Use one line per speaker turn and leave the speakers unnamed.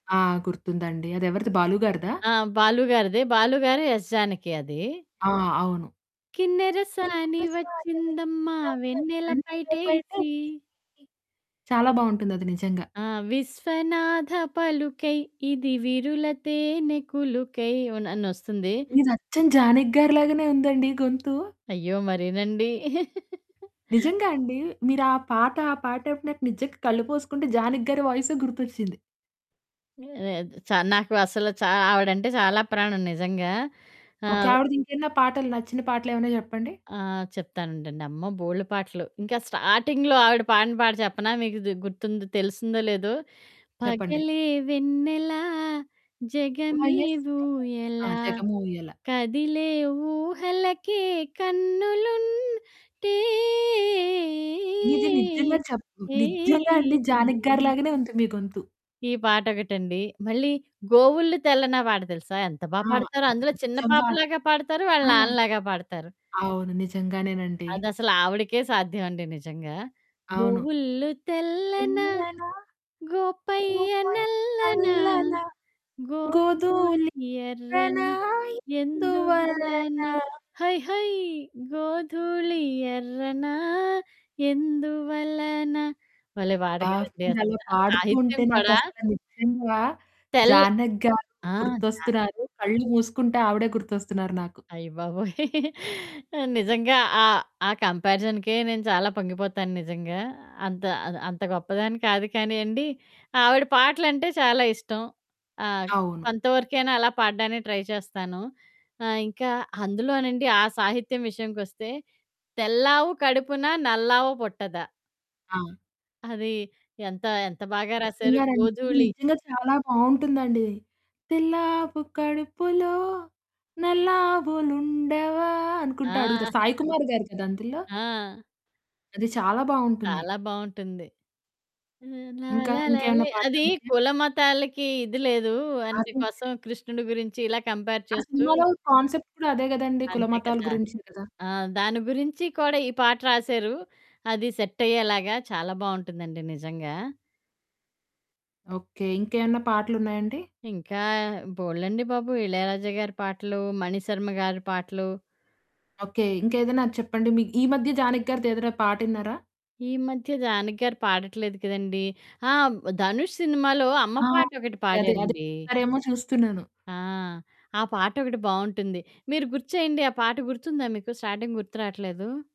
ఆ! గుర్తుందండి. అది ఎవరిది 'బాలు' గారిదా?
ఆ! బాలు గారిదే. బాలుగారు, యెస్ జానకి అది.
ఆ! అవును.
కిన్నెరసాని
కిన్నెరసాని
వచ్చిందమ్మా
వచ్చిందమ్మా
వెన్నెల
వెన్నెల
పైటేసి.
పైటేసీ చాలా బావుంటుందది నిజంగా.
ఆ! విశ్వనాథ పలుకై ఇది విరుల తేనె కులుకై ఓన్ అనస్తుంది.
మీదచ్చం జానికి గారి లాగానే ఉందండి గొంతు.
అయ్యో! మరీనండి.
నిజంగా అండి. మీరు ఆ పాట, ఆ పాటపిన నిజంగా కళ్ళు మూసుకుంటే 'జానకి' గారి వాయిసే గుర్తొచ్చింది.
లేదు చ నాకు అసలు చా ఆవిడంటే చాలా ప్రాణం నిజంగా.
ఓకే.
ఆహ్
ఆవిడదింకేమన్నా పాటలు నచ్చిన పాటలేమన్నా చెప్పండి?
ఆ! చెప్తానుండండి అమ్మో! బోల్డు పాటలు. ఇంకా స్టార్టింగ్‌లో ఆవిడ పాడిన పాట చెప్పనా? మీకిది గుర్తుందో తెలిసిందో లేదో
చెప్పండి.
పగలే వెన్నెలా, జగమే
వయస్సే ఆ!
ఊయలా.
జగమూయలా.
కదిలే ఊహలకే కన్నులుంటే,
మీది నిజ్జంగా చెప్
ఏ, ఏ,
నిజ్జంగా అండి
ఏ,
జానికి గారి
ఏ.
లాగానే ఉంది మీ గొంతు.
ఈ పాటొకటండి. మళ్ళీ గోవుల్లు తెల్లనా పాట తెలుసా? ఎంత బా
ఆ!
పాడతారో?
అది
అందులో చిన్న
నిజ్జంగా
పాపలాగా పాడతారు. వాళ్ళ
ఆ!
నాన్నలాగా పాడతారు.
అవును. నిజంగానేనండి.
అదసలు ఆవిడకే సాధ్యమండి నిజంగా.
అవును.
గోవుల్లు తెల్లన.
తెల్లన
గోపయ్య
గోపయ్య
నల్లన.
నల్లనా
గోధూళి
గోధూళి ఎర్రనా.
ఎర్రనా. ఎందువలన.
ఎందువలనా.
హై హై గోధుళి ఎర్రనా ఎందువలన భలే పాట
అబ్బా!
గదండి!
మీరలా
అసల
పాడుతూ
సాహిత్యం
ఉంటే నాకు
కూడా
అసల నిజ్జంగా
తెల్
'జానకి' గారు
ఆ! స
గుర్తొస్తున్నారు. కళ్ళు మూసుకుంటే ఆవిడే గుర్తొస్తున్నారు నాకు.
అయ్యబాబోయ్! నిజంగా ఆహ్, ఆ కంపారిజన్‌కే నేను చాలా పొంగిపోతాను నిజంగా. అంత అ అంత గొప్పదాన్ని కాదు కానీ అండి, ఆవిడ పాటలంటే చాలా ఇష్టం. ఆ!
అవును.
కొంతవరకైనా అలా పాడడానికి ట్రై చేస్తాను. ఆహ్, ఇంకా అందులోనండి ఆ సాహిత్యం విషయంకొస్తే, 'తెల్లావు కడుపున నల్లావు పుట్టదా.'
ఆ!
అది ఎంత, ఎంత బాగా రాశారు
నిజంగానండి. అది
గోధూళి
నిజంగా చాలా బావుంటుందండి. తెల్లాపు కడుపులో. నల్లావులుండవా అనుకుంట
ఆ!
అడుగుతారు. సాయి కుమార్ గారు గదా! అందులో?
ఆ!
అది చాలా బావుంటుంది.
చాలా బావుంటుంది.
ఇంకా ఇంకేమన్నా
లాలలాలాలె అది
పాటలున్నాయా?
కులమతాలకి ఇది లేదు. అందు
[unintelligible]
కోసం కృష్ణుడి గురించి ఇలా కంపేర్
ఆ
చేస్తూ
సినిమాలో కాన్సెప్ట్ కూడా అదే గదండీ!
అంతే
కులమతాల
కదా!
గురించే గదా!
ఆ! దాని గురించి కూడా ఈ పాట రాశారు. అది సెట్ అయ్యేలాగా చాలా బావుంటుందండి నిజంగా.
ఓకే. ఇంకేమన్నా పాటలున్నాయండి?
ఇంకా బోల్డండి బాబు! 'ఇళయరాజ' గారి పాటలు, 'మణిశర్మ' గారి పాటలు.
ఓకే. ఇంకేదైనా చెప్పండి మీ ఈ మధ్య జానకి' గారిది ఏదైనా పాటిన్నారా?
ఈ మధ్య 'జానకి' గారు పాడట్లేదు కదండీ! ఆ! 'ధనుష్' సినిమాలో అమ్మ
ఆ!
పాటొకటి
అండి అదే. అది
పాడారండి.
పాడతారేమో చూస్తున్నాను.
ఆ! ఆ పాటొకటి బావుంటుంది. మీరు గుర్తు చేయండి ఆ పాట గుర్తుందా మీకు? స్టార్టింగ్ గుర్తు రాట్లేదు.